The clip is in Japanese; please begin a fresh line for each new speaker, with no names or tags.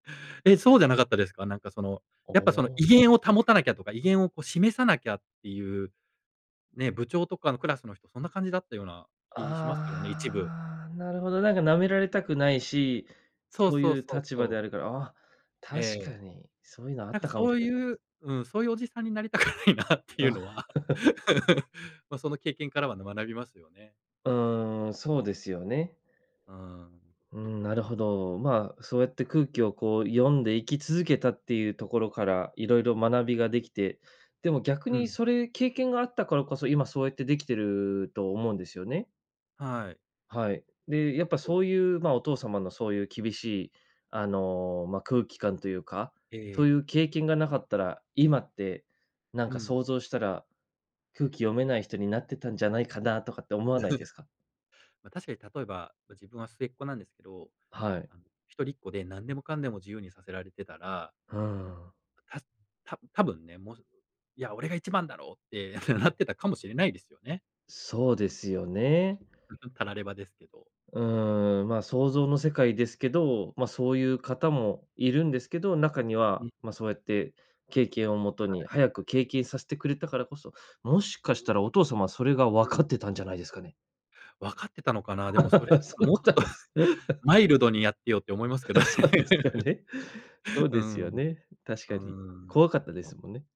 え、そうじゃなかったですか？なんか、その、
あ
やっぱ、その、
あ。
威厳を保たなきゃとか、威厳を、こ、示さなきゃっていう、ね、部長とかのクラスの人そんな感じだったような気しますけどね、一部。
ああ、なるほど、なんか、舐められたくないし、
そう
そう
そう
いう
そう
立場
そう。
であるから、あ、確
え
か
え。
に、そういうのあ
な
っ
んか、
たかも
そ
し
う
れないです。
いううん、そういうおじさんになりたくないなっていうのは ま、その経験からはね、学びますよね。
うーん、そうですよね。
うーん。
うーん、なるほど。ま、そうやって空気を、こう、読んで生き続けたっていうところから、いろいろ学びができて、でも逆
う
に
ん。
それ経験があったからこそ、今そうやってできてると思うんですよね。
はい。
はい。で、やっぱ
お。
そういう、ま、お父様のそういう厳しい、あの、ま、空気感というか、
え
そうい
え。
う経験がなかったら、今って、なん
う
か
ん。
想像したら、空気読めない人になってたんじゃないかなとかって思わないですか？
ま、確かに例えば、自分は末っ子なんですけど、
はい。
あの、一人っ子で何でもかんでも自由にさせられてたら
うーん。
たた多分ね、もう、いや、俺が一番だろうってなってたかもしれないですよね。
そうですよね。
タラレバですけど。
うーん。ま、想像の世界ですけど、ま、そういう方もいるんですけど、中には、
ん。
ま、そうやって、経験をもと
は
に、
い。
早く経験させてくれたからこそ、もしかしたらお父様はそれが
う
分
ん。
かってたんじゃないですかね。
わかってたのかな。でもそれだ
そ
と、
ういう
もうち
こ
ょっ
とは
と
ないんです。
マイルドにやってよって思いますけどね。
そうですよ ね。そう
うー
ですよ
ん。
ね。確
うー
かに。怖
ん。
かったですもんね。